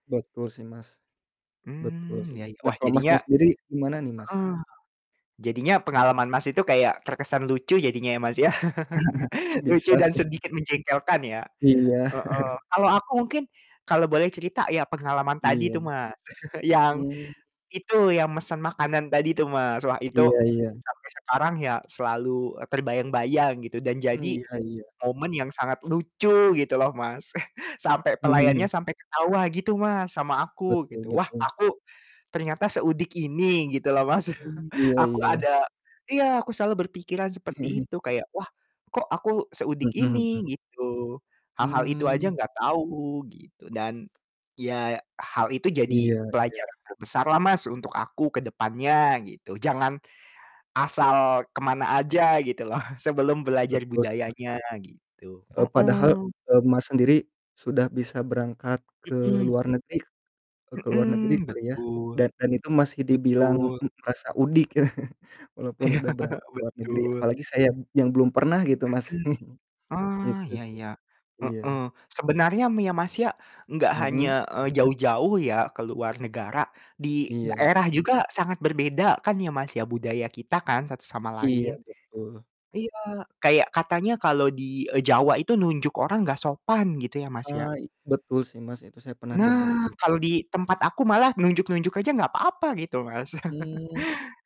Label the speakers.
Speaker 1: Betul sih, Mas. Betul
Speaker 2: Mmm,
Speaker 1: sih.
Speaker 2: ya ya.
Speaker 1: Nah,
Speaker 2: Wah,
Speaker 1: kalau
Speaker 2: jadinya
Speaker 1: Masnya sendiri gimana nih, Mas?
Speaker 2: heeh, jadinya pengalaman Mas itu kayak terkesan lucu jadinya ya, Mas, ya, lucu
Speaker 1: Bisa
Speaker 2: dan
Speaker 1: sih.
Speaker 2: sedikit menjengkelkan, ya,
Speaker 1: Iya.
Speaker 2: heeh. Kalau aku mungkin kalau boleh cerita ya pengalaman tadi tuh,
Speaker 1: Iya.
Speaker 2: Mas. Yang
Speaker 1: Mmm.
Speaker 2: itu, yang mesen makanan tadi tuh, Mas, wah, itu
Speaker 1: Iya iya.
Speaker 2: sampai sekarang ya, selalu, eee, terbayang-bayang gitu, dan
Speaker 1: Mmm,
Speaker 2: jadi
Speaker 1: iya iya.
Speaker 2: momen yang sangat lucu, gitu loh, Mas. Sampai
Speaker 1: Mhm
Speaker 2: pelayannya
Speaker 1: mhm.
Speaker 2: sampai ketawa, gitu, Mas, sama aku,
Speaker 1: Betul
Speaker 2: gitu. Wah,
Speaker 1: betul.
Speaker 2: aku ternyata seudik ini, gitu loh, Mas,
Speaker 1: Hmm, iya
Speaker 2: aku
Speaker 1: iya.
Speaker 2: ada ya aku selalu berpikiran
Speaker 1: Mhm
Speaker 2: seperti
Speaker 1: mhm.
Speaker 2: itu, kayak, "Wah kok aku seudik
Speaker 1: Mhm mhm.
Speaker 2: ini," gitu, hal-hal itu aja
Speaker 1: Mmm.
Speaker 2: gak tau gitu dan ya hal itu jadi
Speaker 1: Iya iya.
Speaker 2: pelajaran yang besar lah, Mas, untuk aku kedepannya gitu, jangan asal kemana aja, gitu loh, sebelum belajar
Speaker 1: Betul sih, Mas.
Speaker 2: budayanya, gitu,
Speaker 1: Eee, padahal,
Speaker 2: heeh.
Speaker 1: eee, Mas sendiri sudah bisa berangkat ke
Speaker 2: Mhm.
Speaker 1: luar negeri k e ke luar negeri
Speaker 2: Mhm,
Speaker 1: kali ya,
Speaker 2: betul.
Speaker 1: dan dan itu masih dibilang
Speaker 2: Betul.
Speaker 1: m merasa udik, walaupun udah berangkat ke luar negeri.
Speaker 2: Betul.
Speaker 1: Apalagi saya yang belum pernah gitu, Mas,
Speaker 2: Mhm, oh,
Speaker 1: gitu
Speaker 2: iya
Speaker 1: sih,
Speaker 2: iya, heeh,
Speaker 1: iya.
Speaker 2: sebenarnya m ya, Mas, ya, gak hanya,
Speaker 1: Mhm?
Speaker 2: eee, jauh-jauh ya ke luar negara, di
Speaker 1: Iya.
Speaker 2: daerah juga sangat berbeda kan ya, Mas, ya, budaya kita kan satu sama
Speaker 1: Iya,
Speaker 2: lain.
Speaker 1: betul.
Speaker 2: Iya, kayak katanya kalau di e Jawa itu nunjuk orang gak sopan gitu, ya, Mas, ya.
Speaker 1: Eee, i betul sih, Mas, itu saya pernah denger,
Speaker 2: Nah,
Speaker 1: iy
Speaker 2: kalau di tempat aku malah nunjuk-nunjuk aja nggak papa gitu, Mas.
Speaker 1: Mmm.